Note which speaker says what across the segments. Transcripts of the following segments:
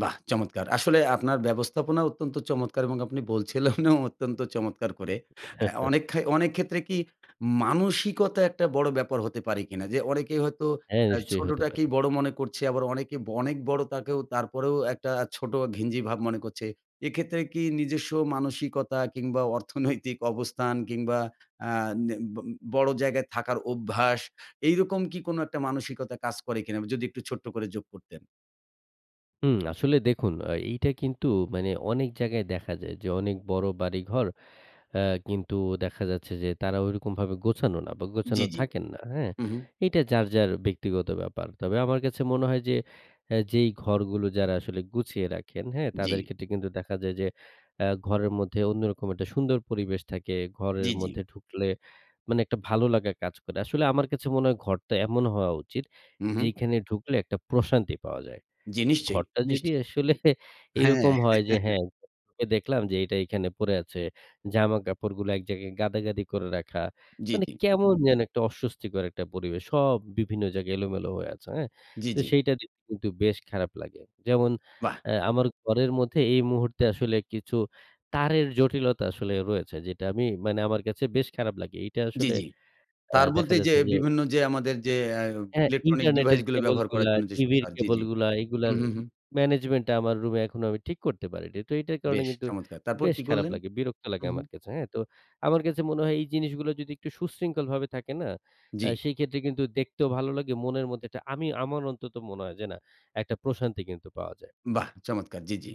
Speaker 1: বাহ চমৎকার! আসলে আপনার ব্যবস্থাপনা অত্যন্ত চমৎকার এবং আপনি বলছিলেনও অত্যন্ত চমৎকার করে। আ অনেক খায় অনেক ক্ষেত্রে কি মানসিকতা একটা বড় ব্যাপার হতে পারে কিনা? যে, অনেকেই হয়তো
Speaker 2: হ্যাঁ,
Speaker 1: আ
Speaker 2: নিশ্চয়ই হতে পারে।
Speaker 1: ছোটটাকেই বড় মনে করছে। আবার অনেকে অনেক বড় তাকেও তারপরেও একটা ছোট ঘিঞ্জি ভাব মনে করছে। এক্ষেত্রে কি নিজস্ব মানসিকতা, কিংবা অর্থনৈতিক অবস্থান কিংবা আ নে বম বড় জায়গায় থাকার অভ্যাস, এরকম কি কোন একটা মানসিকতা কাজ করে কিনা? যদি একটু ছোট্ট করে যোগ করতেন।
Speaker 2: হুম, আসলে দেখুন আ এইটা কিন্তু মানে অনেক জায়গায় দেখা যায় যে, অনেক বড় বাড়িঘর আ কিন্তু দেখা যাচ্ছে যে, তারা ঐরকমভাবে গোছানো না বা
Speaker 1: জি,
Speaker 2: গোছানো
Speaker 1: জি।
Speaker 2: থাকেন না। হ্যাঁ?
Speaker 1: হুম, হুম।
Speaker 2: এইটা যার, যার ব্যক্তিগত ব্যাপার। তবে আমার কাছে মনে হয় যে, আ যেই ঘরগুলো যারা আসলে গুছিয়ে রাখেন, হ্যাঁ? তাদের
Speaker 1: জি।
Speaker 2: ক্ষেত্রে কিন্তু দেখা যায় যে, অ্যা ঘরের মধ্যে অন্যরকম একটা সুন্দর পরিবেশ থাকে।
Speaker 1: জি,
Speaker 2: ঘরের
Speaker 1: জি।
Speaker 2: মধ্যে ঢুকলে মানে একটা ভালো লাগা কাজ করে। আসলে আমার কাছে মনে হয় ঘরটা এমন হওয়া উচিত,
Speaker 1: হুম, হুম।
Speaker 2: যেইখানে ঢুকলে একটা প্রশান্তি পাওয়া যায়।
Speaker 1: জি। নিশ্চয়ই,
Speaker 2: ঘরটা যদি
Speaker 1: নিশ্চয়ই।
Speaker 2: আসলে
Speaker 1: হ্যাঁ।
Speaker 2: এরকম হয় যে, হ্যাঁ, দেখলাম যে, এইটা এখানে পড়ে আছে। জামাকাপড়গুলো এক জায়গায় গাদাগাদি করে রাখা।
Speaker 1: জি,
Speaker 2: মানে
Speaker 1: জি।
Speaker 2: কেমন যেন একটা অস্বস্তিকর একটা পরিবেশ সব বিভিন্ন জায়গায় এলোমেলো হয়ে আছে। হ্যাঁ?
Speaker 1: জি,
Speaker 2: তো
Speaker 1: জি।
Speaker 2: সেইটা দেখতে কিন্তু বেশ খারাপ লাগে। যেমন
Speaker 1: বাহ!
Speaker 2: অ্যা আমার ঘরের মধ্যে এই মুহূর্তে আসলে কিছু তারের জটিলতা আসলে রয়েছে, যেটা আমি মানে আমার কাছে বেশ খারাপ লাগে। এইটা
Speaker 1: জি,
Speaker 2: আসলে
Speaker 1: জি।
Speaker 2: অ্যা
Speaker 1: তার
Speaker 2: দেখা
Speaker 1: বলতে এইযে
Speaker 2: যাচ্ছে যে
Speaker 1: বিভিন্ন যে, আমাদের যে, আ
Speaker 2: হ্যাঁ,
Speaker 1: ইলেকট্রনিক
Speaker 2: ইন্টারনেটের
Speaker 1: ডিভাইস গুলো
Speaker 2: কেবল
Speaker 1: ব্যবহার করার
Speaker 2: গুলা,
Speaker 1: জন্য যে, সব
Speaker 2: টিভির
Speaker 1: তার, জি,
Speaker 2: কেবল
Speaker 1: জি।
Speaker 2: গুলা, এগুলার
Speaker 1: হুম, হুম, হুম।
Speaker 2: ম্যানেজমেন্টটা আমার রুমে এখনো আমি ঠিক করতে পারিনি। তো এটার কারণে
Speaker 1: বেশ
Speaker 2: কিন্তু
Speaker 1: চমৎকার! তারপর
Speaker 2: বেশ
Speaker 1: কি
Speaker 2: খারাপ
Speaker 1: করলেন?
Speaker 2: লাগে। বিরক্ত লাগে
Speaker 1: হুম, হুম।
Speaker 2: আমার কাছে, হ্যাঁ? তো আমার কাছে মনে হয় এই জিনিসগুলো যদি একটু সুশৃঙ্খলভাবে থাকে না? অ্যা
Speaker 1: জি।
Speaker 2: সেই ক্ষেত্রে কিন্তু দেখতেও ভালো লাগে। মনের মধ্যে একটা আমি আমার অন্তত মনে হয় যে, না একটা প্রশান্তি কিন্তু পাওয়া যায়।
Speaker 1: বাহ চমৎকার! জি, জি।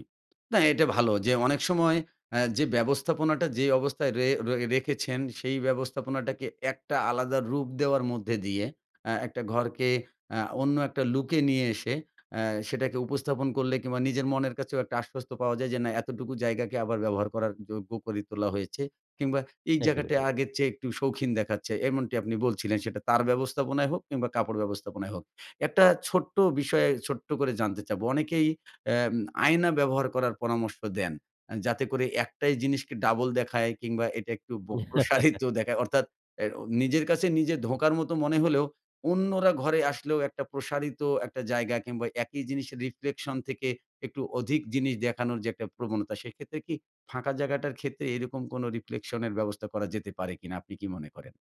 Speaker 1: না এটা ভালো যে, অনেক সময় অ্যা যে, ব্যবস্থাপনাটা যে, অবস্থায় ড়ে রয়ে রেখেছেন, সেই ব্যবস্থাপনাটাকে একটা আলাদা রূপ দেওয়ার মধ্যে দিয়ে, অ্যা একটা ঘরকে অ্যা অন্য একটা লুকে নিয়ে এসে অ্যা সেটাকে উপস্থাপন করলে কিংবা নিজের মনের কাছেও একটা আশ্বস্ত পাওয়া যায়, যে, না এতটুকু জায়গাকে আবার ব্যবহার করার যোগ্য করে তোলা হয়েছে। কিংবা এই
Speaker 2: একদমই
Speaker 1: জায়গাটা
Speaker 2: ঠিক।
Speaker 1: আগের চেয়ে একটু শৌখিন দেখাচ্ছে। এমনটি আপনি বলছিলেন সেটা তার ব্যবস্থাপনায় হোক কিংবা কাপড় ব্যবস্থাপনায় হোক। একটা ছোট্ট বিষয় ছোট্ট করে জানতে চাবো। অনেকেই অ্যাম আয়না ব্যবহার করার পরামর্শ দেন। অ্যা যাতে করে একটাই জিনিসকে ডাবল দেখায় কিংবা এটা একটু ব প্রসারিত দেখায়। অর্থাৎ অ্যাও নিজের কাছে নিজে ধোঁকার মত মনে হলেও অন্যরা ঘরে আসলেও একটা প্রসারিত একটা জায়গা কিংবা, একই জিনিসের Riflection থেকে একটু অধিক জিনিস দেখানোরও যে, একটা প্রবণতা, সেক্ষেত্রে কি ফাঁকা জায়গাটার ক্ষেত্রে এরকম কোন Riflection এর ব্যবস্থা করা যেতে পারে কিনা? আপনি কি মনে করেন?